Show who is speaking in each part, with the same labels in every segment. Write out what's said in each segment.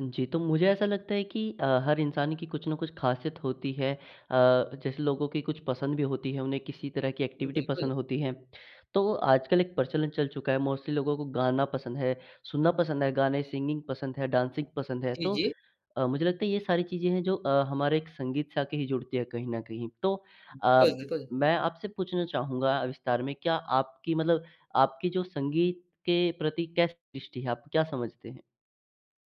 Speaker 1: जी, तो मुझे ऐसा लगता है कि अ, हर इंसान की कुछ न कुछ खासियत होती है अ, जैसे लोगों की कुछ पसंद भी होती है, उन्हें किसी तरह की
Speaker 2: उ,
Speaker 1: एक्टिविटी
Speaker 2: बिल्कुल।
Speaker 1: पसंद होती है। तो आजकल एक प्रचलन चल चुका है, मोस्टली लोगों को गाना पसंद है, सुनना पसंद है, गाने सिंगिंग पसंद है, डांसिंग पसंद है।
Speaker 2: जी,
Speaker 1: तो
Speaker 2: जी।
Speaker 1: अ, मुझे लगता है, ये सारी चीज़ें हैं, जो अ, हमारे एक संगीत से आके ही जुड़ती है, कहीं न कहीं। तो अ,
Speaker 2: बिल्कुल, बिल्कुल।
Speaker 1: मैं आपसे पूछना चाहूँगा विस्तार में क्या आपकी मतलब आपकी जो संगीत के प्रति कैसी दृष्टि है? आप क्या समझते हैं?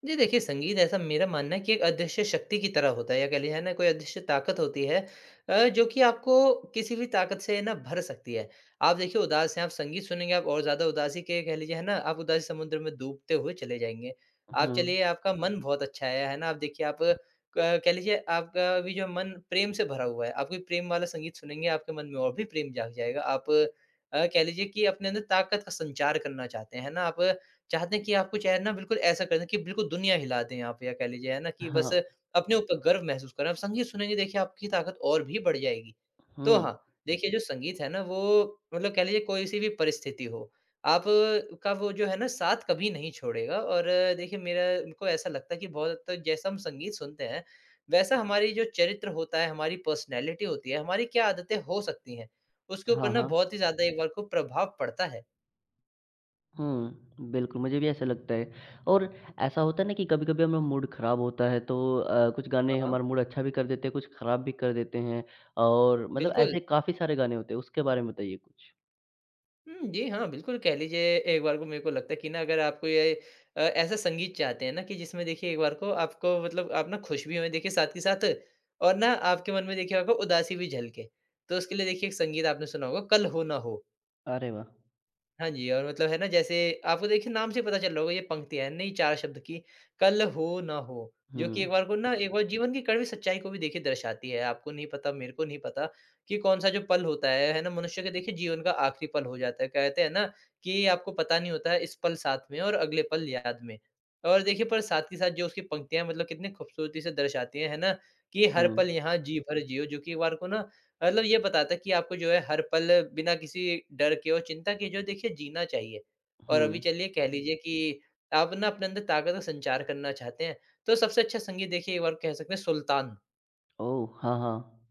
Speaker 2: जी, देखिए, संगीत ऐसा मेरा मानना है कि एक अदृश्य शक्ति की तरह होता है, या कह लीजिए, है ना, कोई अदृश्य ताकत होती है अ, जो कि आपको किसी भी ताकत से ना, भर सकती है। आप देखिए, उदास हैं आप संगीत सुनेंगे, आप और ज़्यादा उदासी के कह लीजिए, है ना? आप उदासी समुद्र में डूबते हुए चले जाएँगे।
Speaker 1: उ,
Speaker 2: आप
Speaker 1: हुँ।
Speaker 2: चलिए, आपका मन बहुत अच्छा है, है ना? आप देखिए, आप क कह लीजिए, आपका अभी जो मन प्रेम से भरा हुआ है, आप कोई प्रेम वाला संगीत सुनेंगे, आपके मन में और भी प्रेम जाग जाएगा। आप अ, कह लीजिए कि अपने अंदर ताकत का संचार करना चाहते हैं। है ना? आप चाहते हैं कि आपको चाहे ना, बिल्कुल ऐसा कर दें कि बिल्कुल दुनिया हिला दें आप या कह लीजिए, है ना कि बस
Speaker 1: हाँ।
Speaker 2: अपने ऊपर गर्व महसूस करें। आप संगीत सुनेंगे देखिए, आपकी ताकत और भी बढ़ जाएगी। तो
Speaker 1: हुँ।
Speaker 2: हाँ, देखिए जो संगीत है ना, वो मतलब कह लीजिए कोई-सी भी परिस्थिति हो, आपका वो जो है ना, साथ कभी नहीं छोड़ेगा। और देखिए, मेरा उनको ऐसा लगता है कि बहुत हद तक जैसा हम संगीत सुनते हैं, वैसा हमारी जो चरित्र होता है, हमारी पर्सनालिटी होती है, हमारी क्या आदतें हो सकती हैं, उसके ऊपर
Speaker 1: हाँ,
Speaker 2: ना
Speaker 1: हाँ।
Speaker 2: बहुत ही ज़्यादा एक बार को प्रभाव पड़ता है।
Speaker 1: हुँ, बिल्कुल मुझे भी ऐसा लगता है। और ऐसा होता है ना कि कभी-कभी हमें मूड ख़राब होता है तो अ, कुछ गाने
Speaker 2: हाँ, हाँ।
Speaker 1: हमारा मूड अच्छा भी कर देते हैं, कुछ ख़राब भी कर देते हैं और मतलब
Speaker 2: बिल्कुल।
Speaker 1: ऐसे काफ़ी सारे गाने होते हैं, उसके बारे में बताइए कुछ?
Speaker 2: हुँ। जी हाँ, बिल्कुल कह लीजिए एक बार को मेरे को लगता है कि ना अगर आपको ये अ, ऐसा संगीत चाहते हैं ना कि जिसमें देखिए एक बार को आपको मतलब आप ना खुश भी होएँ, देखिए साथ के साथ और ना आपके मन में देखिए आपको उदासी भी झलके। तो उसके लिए देखिए एक संगीत आपने सुना होगा कल हो ना हो।
Speaker 1: अरे वाह!
Speaker 2: हाँ जी, और मतलब है ना जैसे, आपको देखिए नाम से ही पता चल रहा होगा ये पंक्ति है, नई 4 शब्द की "कल हो ना हो।" जो कि एक
Speaker 1: हुँ।
Speaker 2: बार को ना एक बार जीवन की कड़वी सच्चाई को भी देखिए दर्शाती है। आपको नहीं पता, मेरे को नहीं पता कि कौन-सा जो पल होता है, है ना? मनुष्य के देखिए जीवन का आखरी पल हो जाता है, कहते हैं ना, कि ये आपको पता नहीं होता है, इस पल साथ में और अगले पल याद में। और देखिए, पर साथ कि साथ जो उसकी पंक्तियाँ मतलब कितनी खूबसूरती से दर्शाती है। है ना? कि हर पल
Speaker 1: हुँ।
Speaker 2: यहाँ जी भर जियो, जो कि एक बार को ना मतलब ये बताता है, कि आपको जो है हर पल बिना किसी डर के और चिंता के जो है देखिए जीना चाहिए। और अभी
Speaker 1: हुँ।
Speaker 2: चलिए कह लीजिए कि आप ना अपने अंदर ताकत और संचार करना चाहते हैं, तो सबसे अच्छा संगीत देखिए एक बार कह सकते हैं सुल्तान।
Speaker 1: ओह! हाँ, हाँ।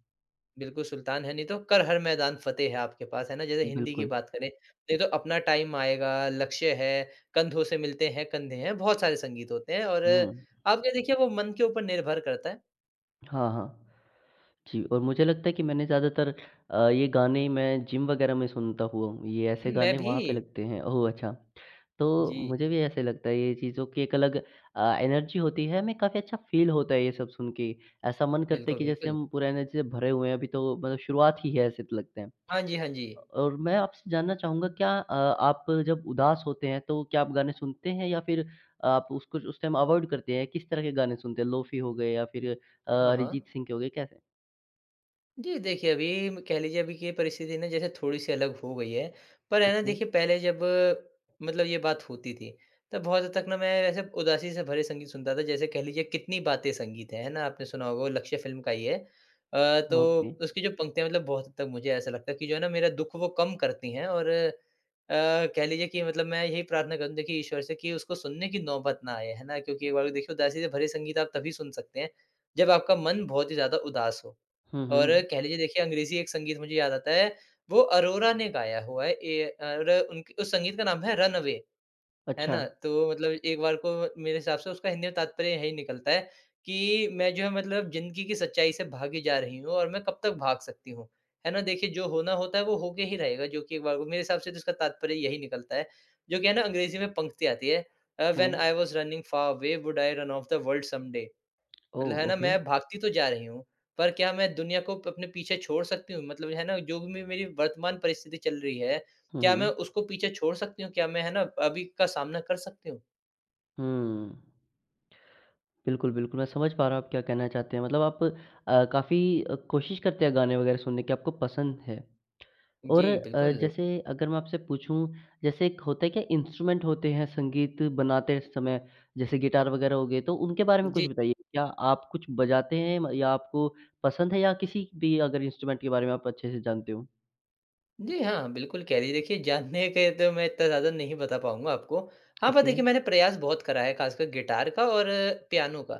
Speaker 2: बिल्कुल सुल्तान है, नहीं तो कर हर मैदान फतेह है आपके पास, है ना जैसे हिंदी की
Speaker 1: बिल्कुल।
Speaker 2: बात करें। नहीं तो अपना टाइम आएगा, लक्ष्य है, कंधों से मिलते हैं कंधे हैं। बहुत सारे संगीत होते हैं और
Speaker 1: हुँ।
Speaker 2: आप ये देखिए वो मन के ऊपर निर्भर करता है।
Speaker 1: हाँ, हाँ। जी, और मुझे लगता है कि मैंने ज़्यादातर अ, ये गाने मैं जिम वगैरह में सुनता हुआ हूँ, ये ऐसे
Speaker 2: मैं
Speaker 1: गाने वहाँ पे
Speaker 2: भी।
Speaker 1: लगते हैं ओह! अच्छा। तो
Speaker 2: जी।
Speaker 1: मुझे भी ऐसे लगता है ये चीज़ों की एक अलग अ, एनर्जी होती है, हमें काफ़ी अच्छा फ़ील होता है ये सब सुन के ऐसा मन करता है
Speaker 2: बिल्कुल,
Speaker 1: कि जैसे
Speaker 2: बिल्कुल।
Speaker 1: हम पूरा एनर्जी से भरे हुए हैं अभी तो मतलब शुरुआत ही है ऐसे लगते हैं।
Speaker 2: हाँ जी, हाँ जी।
Speaker 1: और मैं आपसे जानना चाहूँगा क्या अ, आप जब उदास होते हैं, तो क्या आप गाने सुनते हैं या फिर आप उसको उस टाइम अवॉइड करते हैं किस तरह के गाने सुनते हैं, लोफी हो गए या फिर अ,
Speaker 2: हाँ, हाँ।
Speaker 1: अरिजीत सिंह के हो गए कैसे?
Speaker 2: जी देखिए, अभी म कह लीजिए अभी की ये परिस्थिति ना जैसे थोड़ी-सी अलग हो गई है, पर है ना देखिए पहले जब मतलब ये बात होती थी, तब बहुत हद तक ना मैं ऐसे उदासी से भरे संगीत सुनता था जैसे कह लीजिए कितनी बातें संगीत है, है ना? आपने सुना होगा लक्ष्य फ़िल्म का ही है। अ,
Speaker 1: ओके।
Speaker 2: तो उसकी जो पंक्तियाँ मतलब बहुत हद तक मुझे ऐसा लगता है कि जो है ना मेरा दुःख वो कम करती हैं। और अ, कह लीजिए कि मतलब मैं यही प्रार्थना करूँ देखिए ईश्वर से कि उसको सुनने की नौबत ना आए है ना, क्योंकि एक बार देखिए उदासी से भरे संगीत आप तभी सुन सकते हैं, जब आपका मन बहुत ही ज़्यादा उदास हो।
Speaker 1: हुँ,
Speaker 2: और
Speaker 1: हुँ।
Speaker 2: कह लीजिए देखिए अंग्रेजी एक संगीत मुझे याद आता है वो अरोरा ने गाया हुआ है ए अर उनकी उस संगीत का नाम है, रन अवे है ना?
Speaker 1: अच्छा।
Speaker 2: तो मतलब एक बार को मेरे हिसाब से उसका हिंदी में तात्पर्य यही निकलता है कि मैं जो है, मतलब जिंदगी की सच्चाई से भागी जा रही हूँ और मैं कब तक भाग सकती हूँ। है ना, देखिए जो होना होता है वो होके ही रहेगा। जो कि एक बार को मेरे हिसाब से तो उसका तात्पर्य यही निकलता है, जो कि है ना अंग्रेजी में पंक्ति आती है uh, when
Speaker 1: hmm.
Speaker 2: I was running far away, would I run off the world someday,
Speaker 1: ओह!
Speaker 2: मतलब है ना
Speaker 1: ओके।
Speaker 2: मैं भागती तो जा रही हूँ, पर क्या मैं दुनिया को प अपने पीछे छोड़ सकती हूँ? मतलब है ना जो भी मे मेरी वर्तमान परिस्थिति चल रही है।
Speaker 1: हुँ,
Speaker 2: क्या
Speaker 1: हुँ।
Speaker 2: मैं उसको पीछे छोड़ सकती हूँ? क्या मैं है ना अभी का सामना कर सकती हूँ?
Speaker 1: हूँ। बिल्कुल, बिल्कुल मैं समझ पा रहा हूँ आप क्या कहना चाहते हैं मतलब आप अ, काफ़ी अ, कोशिश करते हैं गाने वग़ैरह सुनने की आपको पसंद है। और
Speaker 2: जी,
Speaker 1: अ,
Speaker 2: बिल्कुल।
Speaker 1: जैसे अगर मैं आपसे पूछूँ जैसे एक होता क्या इंस्ट्रूमेंट होते हैं संगीत बनाते समय, जैसे गिटार वग़ैरह हो गए तो उनके बारे में कुछ
Speaker 2: जी।
Speaker 1: बताइए क्या आप कुछ बजाते हैं म या आपको पसंद है या किसी भी अगर इंस्ट्रूमेंट के बारे में आप अच्छे से जानते हो?
Speaker 2: जी हाँ, बिल्कुल कह रही देखिए जानने के तो मैं इत्ता ज़्यादा नहीं बता पाऊँगा आपको हाँ, पर
Speaker 1: ओके।
Speaker 2: देखिए मैंने प्रयास बहुत करा है ख़ासकर गिटार का और पियानो का।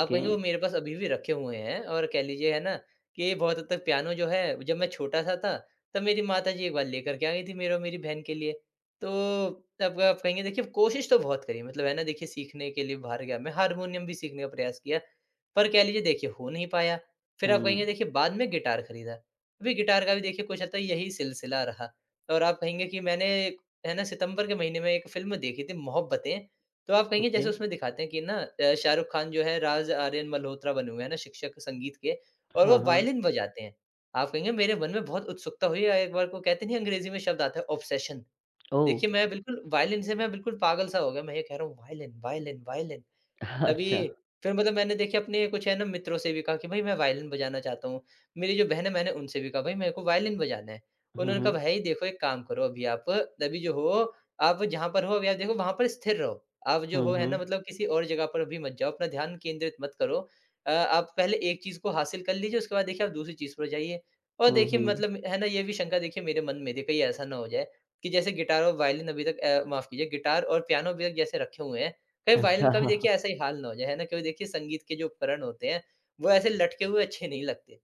Speaker 2: आप कहेंगे वो मेरे पास अभी भी रखे हुए हैं और कह लीजिए है ना, कि बहुत हद तक पियानो जो है जब मैं छोटा-सा था तब मेरी माताजी एक बार लेकर के आ गई थी मेरे और मेरी बहन के लिए। तो तब आप कहेंगे देखिए कोशिश तो बहुत करी है मतलब है ना देखिए सीखने के लिए बाहर गया मैं हारमोनियम भी सीखने का प्रयास किया पर कह लीजिए देखिए हो नहीं पाया। फिर आप कहेंगे
Speaker 1: हुँ।
Speaker 2: देखिए बाद में गिटार खरीदा। अभी गिटार का भी देखिए कुछ यही सिलसिला रहा। और आप कहेंगे कि मैंने है ना सितंबर के महीने में एक फिल्म देखी थी मोहब्बतें, तो आप कहेंगे जैसे
Speaker 1: ओके।
Speaker 2: उसमें दिखाते हैं कि ना अ, शाहरुख खान जो है, राज आर्यन मल्होत्रा बने हुए है ना शिक्षक संगीत के और वो
Speaker 1: हाँ, हाँ।
Speaker 2: वायलिन बजाते हैं। आप कहेंगे मेरे मन में बहुत उत्सुकता हुई अ, एक बार को कहते नहीं अंग्रेजी में शब्द आता है ऑब्सेशन।
Speaker 1: ओह!
Speaker 2: देखिए मैं बिल्कुल वायलिन से मैं बिल्कुल पागल सा हो गया, मैं ये कह रहा हूँ वायलिन वायलिन वायलिन। तभी
Speaker 1: अच्छा।
Speaker 2: फिर मतलब मैंने देखे अपने कुछ है ना मित्रों से भी कहा कि भाई मैं वायलिन बजाना चाहता हूँ, मेरी जो बहन है मैंने उनसे भी कहा भाई मेरे को वायलिन बजाना है,
Speaker 1: हुँ,
Speaker 2: उन्होंने कहा
Speaker 1: हुँ।
Speaker 2: भाई देखो एक काम करो अभी आप, अभी जो हो, आप जहाँ पर हो अभी आप देखो, वहाँ पर स्थिर रहो आप जो हो
Speaker 1: हुँ,
Speaker 2: है ना,
Speaker 1: हुँ।
Speaker 2: मतलब किसी और जगह पर भी मत जाओ अपना ध्यान केंद्रित मत करो। अ, आप पहले एक चीज़ को हासिल कर लीजिए, उसके बाद देखिए आप दूसरी चीज़ पर जाइए। और
Speaker 1: हुँ,
Speaker 2: देखिए
Speaker 1: हुँ।
Speaker 2: मतलब है ना ये भी शंका देखिए मेरे मन में कहीं ऐसा ना हो जाए कि जैसे गिटार और वायलिन अभी तक अ, माफ कीजिए गिटार और पियानो भी जैसे रखे हुए हैं। कई वायलिन
Speaker 1: अच्छा। हाँ,
Speaker 2: का भी
Speaker 1: हाँ।
Speaker 2: देखिए ऐसा ही हाल ना हो जाए है ना, कभी देखिए संगीत के जो उपकरण होते हैं वो ऐसे लटके हुए अच्छे नहीं लगते।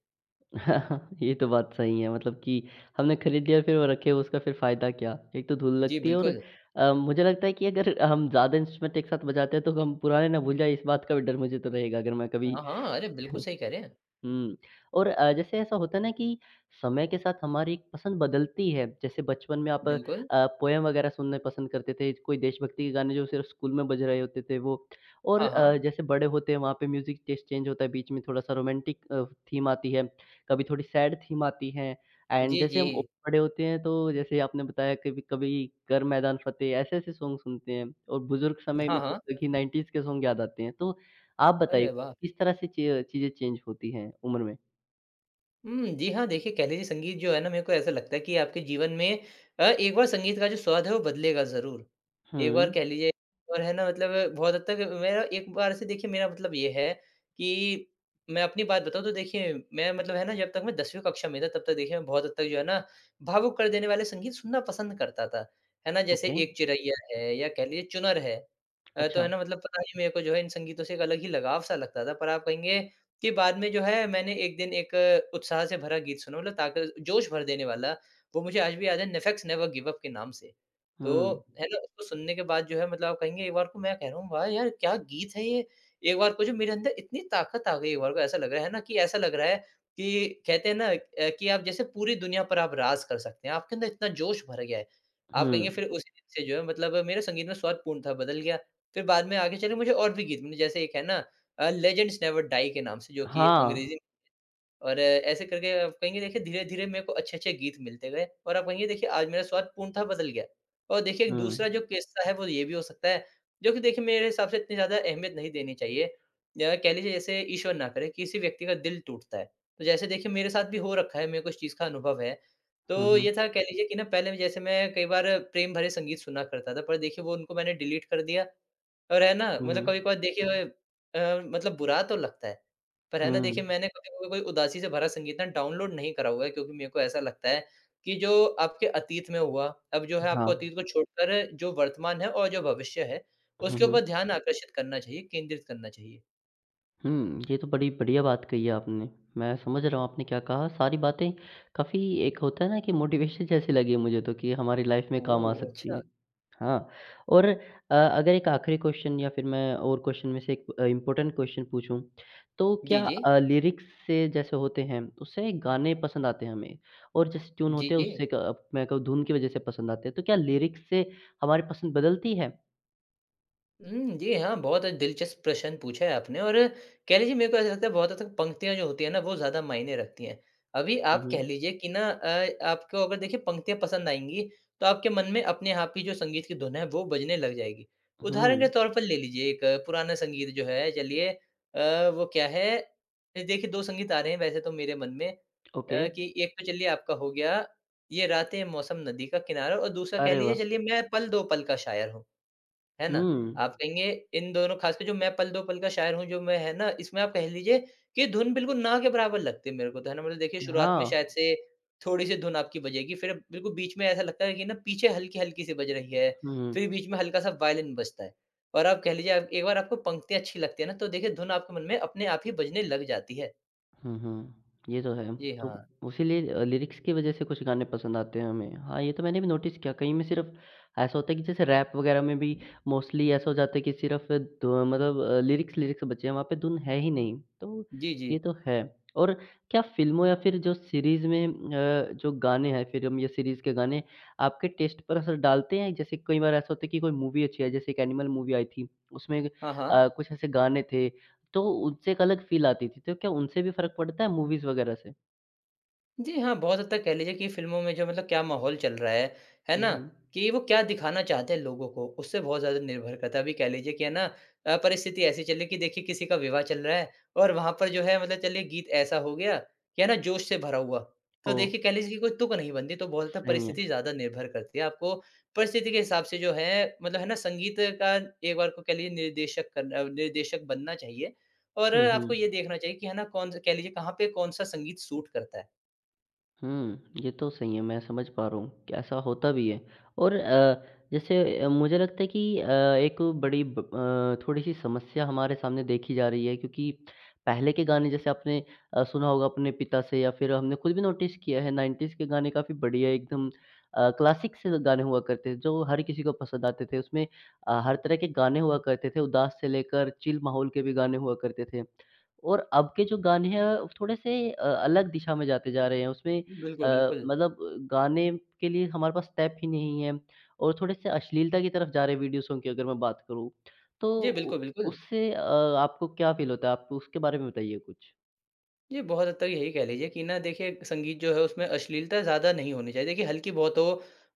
Speaker 1: ये तो बात सही है मतलब कि हमने ख़रीद लिया फिर वो रखे उसका फिर फ़ायदा क्या? एक तो धूल
Speaker 2: जी,
Speaker 1: लगती है और
Speaker 2: बिल्कुल।
Speaker 1: अ, मुझे लगता है कि अगर हम ज़्यादा इंस्ट्रूमेंट एक साथ बजाते हैं, तो हम पुराने ना भूल जाएँ इस बात का भी डर मुझे तो रहेगा अगर मैं कभी
Speaker 2: हाँ, हाँ। अरे! बिल्कुल सही कह रहे हैं।
Speaker 1: उम, और अ, जैसे ऐसा होता है ना कि समय के साथ हमारी पसंद बदलती है। जैसे बचपन में आप अ,
Speaker 2: बिल्कुल।
Speaker 1: पोएम वग़ैरह सुनना पसंद करते थे, ज कोई देशभक्ति के गाने जो सिर्फ़ स्कूल में बज रहे होते थे वो। और
Speaker 2: हाँ,
Speaker 1: अ,
Speaker 2: हाँ।
Speaker 1: जैसे बड़े होते हैं वहाँ पे म्यूज़िक टेस्ट चेंज होता है, बीच में थोड़ा-सा रोमांटिक अ, थीम आती है, कभी थोड़ी सैड थीम आती हैं। एंड
Speaker 2: जी,
Speaker 1: जैसे हम औ
Speaker 2: जी।
Speaker 1: बड़े होते हैं तो जैसे आपने बताया कभी-कभी कर मैदान फ़तेह ऐसे-ऐसे सॉन्ग सुनते हैं। और बुज़ुर्ग समय
Speaker 2: हाँ,
Speaker 1: में तो
Speaker 2: हाँ।
Speaker 1: देखिए 90s के सॉन्ग याद आते हैं। तो आप बताइए,
Speaker 2: अरे वाह!
Speaker 1: किस तरह से ची अ, चीज़ें चेंज होती हैं, उम्र में?
Speaker 2: उम, जी हाँ। देखिए, कह लीजिए संगीत जो है ना मेरे को ऐसा लगता है कि आपके जीवन में अ, एक बार संगीत का जो स्वाद है वो बदलेगा ज़रूर। एक बार कह
Speaker 1: हुँ।
Speaker 2: लीजिए और है ना मतलब बहुत हद तक अ, मेरा एक बार से देखिए मेरा मतलब ये है, कि मैं अपनी बात बताऊँ तो देखिए मैं मतलब है ना जब तक मैं 10वीं कक्षा में था, तब तक देखिए मैं बहुत हद तक जो है ना, भावुक कर देने वाले संगीत सुनना पसंद करता था। है ना जैसे
Speaker 1: ओके।
Speaker 2: एक चिरैया है, या कह लीजिए चुनर है अ, तो है
Speaker 1: अच्छा।
Speaker 2: ना मतलब पता नहीं मेरे को जो है इन संगीतों से एक अलग ही लगाव-सा लगता था। पर आप कहेंगे, कि बाद में जो है मैंने 1 दिन एक उत्साह से भरा गीत सुना मतलब ताक़त-जोश भर देने वाला, वो मुझे आज भी याद है, नेफेक्स नेवर गिव अप के नाम से।
Speaker 1: हुँ।
Speaker 2: तो, है ना, उसको सुनने के बाद जो है मतलब आप कहेंगे एक बार को मैं कह रहा हूँ वाह यार! क्या गीत है ये! एक बार को जो मेरे अंदर इतनी ताक़त आ गई एक बार को ऐसा लग रहा है, है ना? कि ऐसा लग रहा है, कि कहते हैं ना अ, कि आप जैसे पूरी दुनिया पर आप राज कर सकते हैं, आपके अंदर इतना जोश भर गया है। आप कहेंगे
Speaker 1: हुँ।
Speaker 2: फिर उसी दिन से जो है मतलब मेरे संगीत में स्वाद पूर्णतः बदल गया, फिर बाद में आगे चले मुझे और भी गीत मि जैसे एक है ना अ, लेजेंड्स नेवर डाई के नाम से जो कि
Speaker 1: हाँ।
Speaker 2: अंग्रेज़ी में था और ऐसे करके आप कहेंगे देखिए धीरे-धीरे मेरे को अच्छे-अच्छे गीत मिलते गए और आप कहेंगे देखिए आज मैं स्वाद पूर्णतः बदल गया। और देखिए, दूसरा
Speaker 1: हुँ।
Speaker 2: जो किस्सा है, वो ये भी हो सकता है जो कि देखिए मेरे हिसाब से इतनी ज़्यादा अहमियत नहीं देनी चाहिए। या कह लीजिए जैसे ईश्वर ना करे, किसी व्यक्ति का दिल टूटता है, तो जैसे देखिए मेरे साथ भी हो रखा है मेरे को इस चीज़ का अनुभव है,
Speaker 1: हुँ,
Speaker 2: तो
Speaker 1: हुँ।
Speaker 2: ये था कह लीजिए कि ना पहले जैसे मैं कई बार प्रेम भरे संगीत सुना करता था पर देखिए वो उनको मैंने डिलीट कर दिया। और है ना
Speaker 1: हुँ,
Speaker 2: मतलब
Speaker 1: हुँ।
Speaker 2: कभी-कभार देखिए अ, मतलब बुरा तो लगता है, पर है ना, देखिए
Speaker 1: हुँ।
Speaker 2: मैंने अभी भी कोई उदासी से भरा संगीत ना डाउनलोड नहीं करा हुआ है क्योंकि मेरे को ऐसा लगता है, कि जो आपके अतीत में हुआ, अब जो है आपको
Speaker 1: हाँ।
Speaker 2: अतीत को छोड़कर जो वर्तमान है और जो भविष्य है,
Speaker 1: हुँ,
Speaker 2: उसके
Speaker 1: हुँ।
Speaker 2: ऊपर ध्यान आकर्षित करना चाहिए, केंद्रित करना चाहिए।
Speaker 1: हुँ, ये तो बड़ी बढ़िया बात कही है आपने। मैं समझ रहा हूँ आपने क्या कहा, सारी बातें काफ़ी एक होता है ना कि मोटिवेशन जैसी लगी मुझे तो कि हमारी लाइफ में काम आ
Speaker 2: ओह!
Speaker 1: सकती
Speaker 2: अच्छा।
Speaker 1: हैं। हाँ, और अ, अगर एक आखिरी क्वेश्चन या फिर मैं और क्वेश्चन में से एक अ, इंपॉर्टेंट क्वेश्चन पूछूँ, तो
Speaker 2: जी,
Speaker 1: क्या
Speaker 2: जी।
Speaker 1: अ, लिरिक्स से जैसे होते हैं उससे ना एक गाने पसंद आते हैं हमें और जैसे ट्यून
Speaker 2: जी,
Speaker 1: होते हैं उससे
Speaker 2: जी।
Speaker 1: का मैं कहूँ धुन की वजह से पसंद आते है। तो क्या लिरिक्स से हमारी पसंद बदलती है?
Speaker 2: हुँ। जी हाँ, बहुत अ, दिलचस्प प्रश्न पूछा है आपने और कह लीजिए मेरे को ऐसा लगता है बहुत हद तक पंक्तियाँ जो होती हैं ना वो ज़्यादा मायने रखती हैं। अभी
Speaker 1: हुँ,
Speaker 2: आप कह
Speaker 1: हुँ।
Speaker 2: लीजिए कि ना अ आपको अगर देखिए पंक्तियाँ पसंद आएँगी तो आपके मन में अपने आप ही जो संगीत की धुन है वो बजने लग जाएगी। उदाहरण
Speaker 1: हुँ।
Speaker 2: के तौर पर ले लीजिए एक पुराना संगीत जो है चलिए अ, वो क्या है? अ, देखिए 2 संगीत आ रहे हैं वैसे तो मेरे मन में अ,
Speaker 1: ओके।
Speaker 2: कि एक तो चलिए आपका हो गया ये रातें मौसम नदी का किनारा और दूसरा कह
Speaker 1: अरे
Speaker 2: लीजिए
Speaker 1: वाह!
Speaker 2: चलिए मैं पल दो पल का शायर हूँ, है ना?
Speaker 1: हुँ।
Speaker 2: आप कहेंगे इन दोनों खासकर जो मैं पल दो पल का शायर हूँ जो मैं है ना इसमें आप कह लीजिए कि धुन बिल्कुल ना के बराबर लगती है मेरे को तो है ना मतलब देखिए शुरुआत में
Speaker 1: हाँ।
Speaker 2: शायद से थोड़ी-सी धुन आपकी बजेगी फिर बिल्कुल बीच में ऐसा लगता है कि ना पीछे हल्की-हल्की सी बज रही है,
Speaker 1: हम्म।
Speaker 2: फिर बीच में हल्का-सा वायलिन बजता है। और आप कह लीजिए आप एक बार आपको पंक्ति अच्छी लगती है ना तो देखिए धुन आपके मन में अपने आप ही बजने लग जाती है।
Speaker 1: हुँ, हुँ। ये तो है,
Speaker 2: जी
Speaker 1: तो
Speaker 2: हाँ।
Speaker 1: उसी लिए लिरिक्स की वज़ह से कुछ गाने पसंद आते हैं हमें। हाँ, ये तो मैंने भी नोटिस किया कई में सिर्फ़ ऐसा होता है कि जैसे रैप वग़ैरह में भी मोस्टली ऐसा हो जाता है कि सिर्फ धु अ, मतलब लिरिक्स-लिरिक्स बचे हैं वहाँ पे धुन है ही नहीं, तो
Speaker 2: जी, जी।
Speaker 1: ये तो है। और क्या फ़िल्मों या फिर जो सीरीज़ में अ, जो गाने हैं फ़िल्म या सीरीज़ के गाने, आपके टेस्ट पर असर डालते हैं, जैसे कई बार ऐसा होता है कि कोई मूवी अच्छी है, जैसे एक एनिमल मूवी आई थी उसमें
Speaker 2: हाँ, हाँ।
Speaker 1: अ, कुछ ऐसे गाने थे तो उनसे एक अलग फ़ील आती थी तो क्या उनसे भी फ़र्क पड़ता है मूवीज़ वग़ैरह से?
Speaker 2: जी हाँ, बहुत हद तक कह लीजिए कि फ़िल्मों में जो मतलब क्या माहौल चल रहा है, है
Speaker 1: हुँ,
Speaker 2: ना?
Speaker 1: हुँ।
Speaker 2: कि वो क्या दिखाना चाहते हैं लोगों को, उससे बहुत ज़्यादा निर्भर करता है। अभी कह लीजिए कि है ना? अ, परिस्थिति ऐसी चल रही है कि देखिए किसी का विवाह चल रहा है और वहाँ पर जो है मतलब चलिए गीत ऐसा हो गया कि है ना, जोश से भरा हुआ, तो
Speaker 1: ओह!
Speaker 2: देखिए कह लीजिए कि कोई तुक नहीं बनती। तो बहुत
Speaker 1: सही
Speaker 2: परिस्थिति
Speaker 1: है।
Speaker 2: ज़्यादा निर्भर करती है आपको परिस्थिति के हिसाब से जो है, मतलब है ना? संगीत का एक बार को कह लीजिए निर्देशक कर अ, निर्देशक बनना चाहिए। और
Speaker 1: हुँ,
Speaker 2: आपको ये
Speaker 1: हुँ।
Speaker 2: देखना चाहिए कि है ना, कौन-सा कह लीजिए कहाँ पे कौन-सा संगीत सूट करता है।
Speaker 1: हुँ, ये तो सही है, मैं समझ पा रहा हूँ, कि ऐसा होता भी है। और अ, जैसे अ, मुझे लगता है कि अ, एक बड़ी ब अ, थोड़ी-सी समस्या हमारे सामने देखी जा रही है क्योंकि, पहले के गाने जैसे आपने अ, सुना होगा अपने पिता से या फिर हमने ख़ुद भी नोटिस किया है 90s के गाने काफ़ी बढ़िया एकदम अ, क्लासिक से गाने हुआ करते थे जो हर किसी को पसंद आते थे। उसमें अ, हर तरह के गाने हुआ करते थे उदास से लेकर चिल माहौल के भी गाने हुआ करते थे। और अब के जो गाने हैं अ, थोड़े-से अ, अलग दिशा में जाते जा रहे हैं उसमें अ,
Speaker 2: बिल्कुल, बिल्कुल।
Speaker 1: मतलब ब गाने के लिए हमारे पास स्टेप ही नहीं हैं और थोड़े-से अश्लीलता की तरफ़ जा रहे हैं वीडियो सॉन्ग की अगर मैं बात करूँ तो
Speaker 2: जी।
Speaker 1: उ
Speaker 2: बिल्कुल, बिल्कुल।
Speaker 1: उससे अ, आपको क्या फ़ील होता है, आप उसके बारे में बताइए कुछ?
Speaker 2: जी, बहुत हद तक यही कह लीजिए कि ना देखिए संगीत जो है उसमें अश्लीलता ज़्यादा नहीं होनी चाहिए। देखिए हल्की-बहुत हो,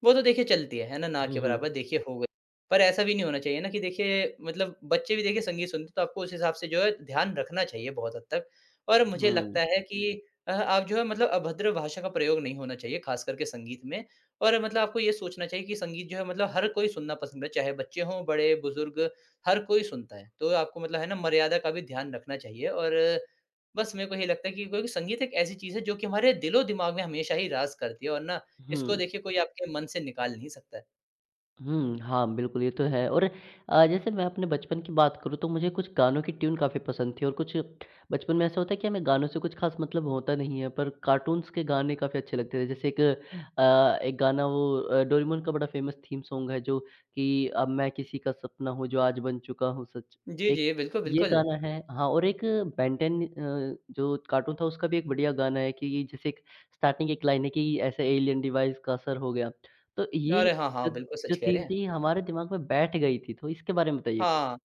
Speaker 2: वो तो देखिए चलती है, है ना? ना
Speaker 1: हुँ,
Speaker 2: के बराबर
Speaker 1: हुँ।
Speaker 2: देखिए हो पर ऐसा भी नहीं होना चाहिए ना कि देखिए मतलब बच्चे भी देखिए संगीत सुनते हैं तो आपको उस हिसाब से जो है ध्यान रखना चाहिए बहुत हद तक। और मुझे लगता
Speaker 1: हुँ।
Speaker 2: है कि अ, आप जो है मतलब अभद्र भाषा का प्रयोग नहीं होना चाहिए ख़ास करके संगीत में, और मतलब आपको ये सोचना चाहिए कि संगीत जो है मतलब हर कोई सुनना पसंद है चाहे बच्चे हों बड़े-बुज़ुर्ग हर कोई सुनता है, तो आपको मतलब है ना मर्यादा का भी ध्यान रखना चाहिए। और बस मेरे को यही लगता है कि कोई-कोई संगीत एक ऐसी चीज़ है जो कि हमारे दिलो-दिमाग़ में हमेशा ही राज करती है, और ना इसको
Speaker 1: हुँ।
Speaker 2: देखिए कोई आपके मन से निकाल नहीं सकता है।
Speaker 1: हुँ, हाँ। बिल्कुल, ये तो है और अ, जैसे मैं अपने बचपन की बात करूँ तो मुझे कुछ गानों की ट्यून काफ़ी पसंद थी और कुछ बचपन में ऐसा होता है कि हमें गानों से कुछ ख़ास मतलब होता नहीं है, पर कार्टून्स के गाने काफ़ी अच्छे लगते थे। जैसे एक अ, एक गाना वो अ, डोरेमोन का बड़ा फ़ेमस थीम सॉन्ग है जो कि अब मैं किसी का सपना हूँ, जो आज बन चुका हूँ सच'
Speaker 2: जी,
Speaker 1: एक
Speaker 2: जी। बिल्कुल,
Speaker 1: ये
Speaker 2: बिल्कुल।
Speaker 1: गाना है, हाँ, और एक बेन टेन अ, जो कार्टून था उसका भी एक बढ़िया गाना है कि जैसे एक स्टार्टिंग एक लाइन है कि ऐसे एलियन डिवाइस का असर हो गया। तो ये
Speaker 2: अरे! हाँ,
Speaker 1: जो
Speaker 2: हाँ। बिल्कुल
Speaker 1: जो
Speaker 2: सच कह
Speaker 1: थीम
Speaker 2: रहे हैं।
Speaker 1: थी हमारे दिमाग़ में बैठ गयी थी, तो इसके बारे में बताइए कुछ?
Speaker 2: हाँ।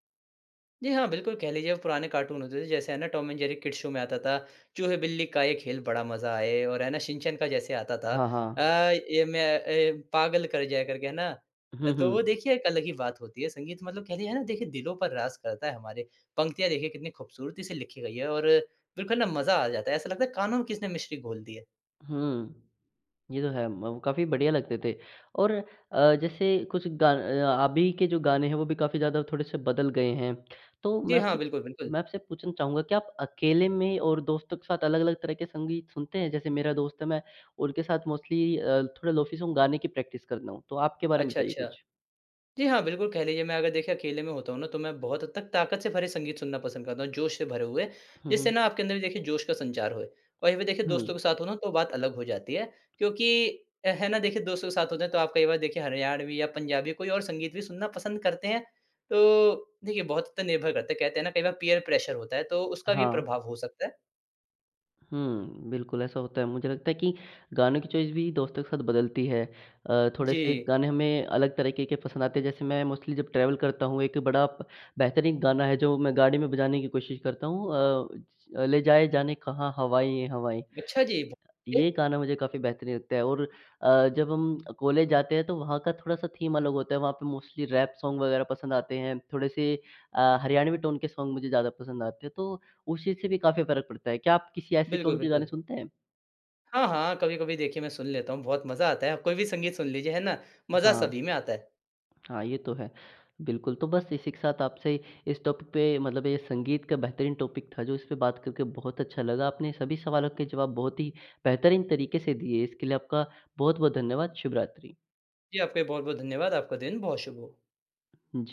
Speaker 2: जी हाँ, बिल्कुल कह लीजिए पुराने कार्टून होते थे जैसे है ना Tom and Jerry kids show में आता था, चूहे-बिल्ली का ये खेल बड़ा मज़ा आए और है ना शिनचैन का जैसे आता था
Speaker 1: हाँ,
Speaker 2: अ,
Speaker 1: हाँ।
Speaker 2: ये मैं ए पागल कर जाए करके है ना?
Speaker 1: हुँ,
Speaker 2: तो वो
Speaker 1: हुँ।
Speaker 2: देखिए एक अलग ही बात होती है संगीत मतलब कह है ना देखिए दिलों पर राज करता है हमारे, पंक्तियाँ देखिए कितनी ख़ूबसूरती से लिखी गई हैं और बिल्कुल ना मज़ा आ जाता है। ऐसा लगता है कानों में किसने मिश्री घोल दी है।
Speaker 1: हुँ। ये तो है, म काफ़ी बढ़िया लगते थे। और अ, जैसे कुछ ग अ, अभी के जो गाने हैं वो भी काफ़ी ज़्यादा थोड़े-से बदल गए हैं। तो
Speaker 2: जी
Speaker 1: मैं
Speaker 2: हाँ,
Speaker 1: आपसे
Speaker 2: बिल्कुल, बिल्कुल।
Speaker 1: मैं आपसे पूछना चाहूँगा क्या आप अकेले में और दोस्तों के साथ अलग-अलग तरह के संगीत सुनते हैं? जैसे मेरा दोस्त है, मैं उनके साथ मोस्टली अ, थोड़ा लोफी सॉन्ग गाने की प्रैक्टिस करता हूँ तो आपके बारे में
Speaker 2: अच्छा,
Speaker 1: बताइए
Speaker 2: अच्छा।
Speaker 1: कुछ?
Speaker 2: जी हाँ, बिल्कुल, कह लीजिए मैं अगर देखिए अकेले में होता हूँ ना, तो मैं बहुत हद तक ताक़त से भरे संगीत सुनना पसंद करता हूँ, जोश से भरे हुए
Speaker 1: हुँ,
Speaker 2: जिससे
Speaker 1: हुँ।
Speaker 2: ना आपके अंदर देखिए जोश का संचार होए और ये देखिए दोस्तों
Speaker 1: हुँ।
Speaker 2: के साथ हो ना तो बात अलग हो जाती है। क्योंकि अ, है ना, देखिए दोस्तों के साथ होते हैं तो आप कई बार देखिए हरियाणवी या पंजाबी कोई और संगीत भी सुनना पसंद करते हैं। तो देखिए बहुत हद तक निर्भर करते हैं, कहते हैं ना कई बार पीयर प्रेशर होता है, तो उसका भी
Speaker 1: हाँ।
Speaker 2: प्रभाव हो सकता है।
Speaker 1: हुँ, बिल्कुल ऐसा होता है। मुझे लगता है कि गानों की चॉइस भी दोस्तों के साथ बदलती है। अ, थोड़े से
Speaker 2: जी।
Speaker 1: गाने हमें अलग तरीक़े के पसंद आते हैं, जैसे मैं मोस्टली जब ट्रैवल करता हूँ, एक बड़ा प बेहतरीन गाना है जो मैं गाड़ी में बजाने की कोशिश करता हूँ अ, ज ले जाए जाने कहाँ, हवाएँ ये हवाएँ अ,
Speaker 2: अच्छा जी। बहुत अच्छे।
Speaker 1: ये गाना मुझे काफ़ी बेहतरीन लगता है और अ, जब हम कॉलेज जाते हैं तो वहाँ का थोड़ा-सा थीम अलग होता है, वहाँ पे मोस्टली रैप सॉन्ग वग़ैरह पसंद आते हैं। थोड़े से अ, हरियाणवी टोन के सॉन्ग मुझे ज़्यादा पसंद आते हैं, तो उस चीज़ से भी काफ़ी फ़र्क पड़ता है। क्या आप किसी ऐसे
Speaker 2: बिल्कुल,
Speaker 1: टोन के गाने
Speaker 2: बिल्कुल।
Speaker 1: सुनते हैं?
Speaker 2: हाँ, हाँ। कभी-कभी देखिए, मैं सुन लेता हूँ। बहुत मज़ा आता है, आप कोई भी संगीत सुन लीजिए है ना? मज़ा
Speaker 1: हाँ।
Speaker 2: सभी में आता है।
Speaker 1: हाँ, ये तो है, बिल्कुल। तो बस इसी के साथ आपसे इस टॉपिक पे मतलब ये संगीत का बेहतरीन टॉपिक था जो इस पे बात करके बहुत अच्छा लगा। आपने सभी सवालों के जवाब बहुत ही बेहतरीन तरीक़े से दिए, इसके लिए आपका बहुत-बहुत धन्यवाद। शुभ रात्रि।
Speaker 2: जी, आपका भी बहुत-बहुत धन्यवाद। आपका दिन बहुत शुभ हो।
Speaker 1: जी।